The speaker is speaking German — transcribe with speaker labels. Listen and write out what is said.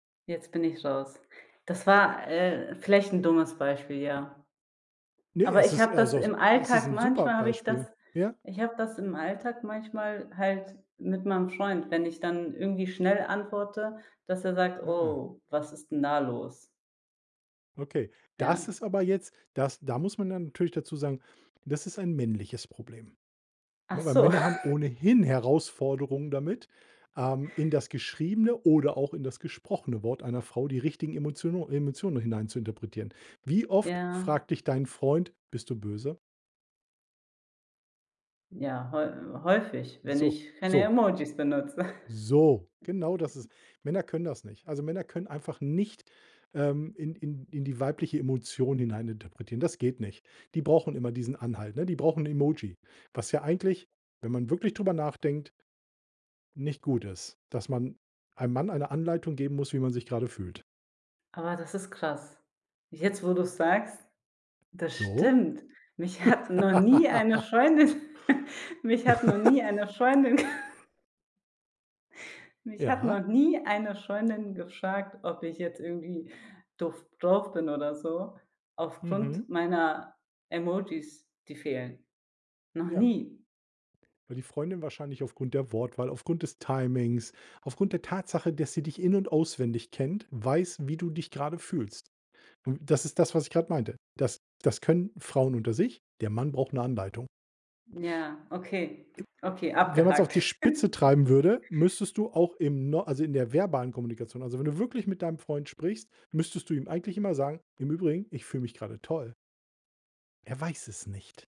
Speaker 1: Jetzt bin ich raus. Das war, äh, vielleicht 'n dummes Beispiel, ja.
Speaker 2: Ne,
Speaker 1: Aber
Speaker 2: es
Speaker 1: ich
Speaker 2: ist
Speaker 1: habe
Speaker 2: eher
Speaker 1: das
Speaker 2: so s
Speaker 1: im
Speaker 2: es ist
Speaker 1: Alltag
Speaker 2: 'n super
Speaker 1: manchmal habe ich
Speaker 2: Beispiel.
Speaker 1: das
Speaker 2: Ja.
Speaker 1: ich habe das im Alltag manchmal halt mit meinem Freund, wenn ich dann irgendwie schnell antworte, dass er sagt:
Speaker 2: Ah.
Speaker 1: „Oh, was ist 'n da los?“
Speaker 2: Okay, das
Speaker 1: Ja.
Speaker 2: ist aber jetzt das da muss man dann natürlich dazu sagen: „Das ist ein männliches Problem“,
Speaker 1: Ach
Speaker 2: ne, weil
Speaker 1: so.
Speaker 2: Männer haben ohnehin Herausforderungen damit, ähm, in das geschriebene oder auch in das gesprochene Wort einer Frau die richtigen Emotiono Emotionen hinein zu interpretieren. Wie oft
Speaker 1: Ja.
Speaker 2: fragt dich dein Freund: „Bist du böse?“
Speaker 1: Ja, häu häufig, wenn
Speaker 2: So,
Speaker 1: ich keine
Speaker 2: so.
Speaker 1: Emojis benutze.
Speaker 2: So. Genau das ist Männer können das nicht. Also, Männer können einfach nicht, ähm, in in in die weibliche Emotion hineininterpretieren. Das geht nicht. Die brauchen immer diesen Anhalt, ne? Die brauchen 'n Emoji. Was ja eigentlich, wenn man wirklich drüber nachdenkt nicht gut ist, dass man einem Mann eine Anleitung geben muss, wie man sich grade fühlt.
Speaker 1: Aber das ist krass. Jetzt wo du's sagst, das
Speaker 2: So?
Speaker 1: stimmt. Mich hat noch nie eine Freundin mich hat noch nie eine Freundin Mich hat
Speaker 2: Ja.
Speaker 1: noch nie eine Freundin gefragt, ob ich jetzt irgendwie doof drauf bin oder so aufgrund
Speaker 2: Mhm.
Speaker 1: meiner Emojis, die fehlen. Noch
Speaker 2: Ja.
Speaker 1: nie.
Speaker 2: Weil die Freundin wahrscheinlich aufgrund der Wortwahl, aufgrund des Timings, aufgrund der Tatsache, dass sie dich in und auswendig kennt, weiß, wie du dich grade fühlst. W das ist das, was ich grad meinte. Das das können Frauen unter sich. Der Mann braucht 'ne Anleitung.
Speaker 1: Ja, okay.
Speaker 2: I
Speaker 1: Okay,
Speaker 2: wenn man's auf die
Speaker 1: abgehakt.
Speaker 2: Spitze treiben würde, müsstest du auch im No also, in der verbalen Kommunikation also, wenn du wirklich mit deinem Freund sprichst, müsstest du ihm eigentlich immer sagen: „Im Übrigen, ich fühle mich grade toll.“ Er weiß es nicht.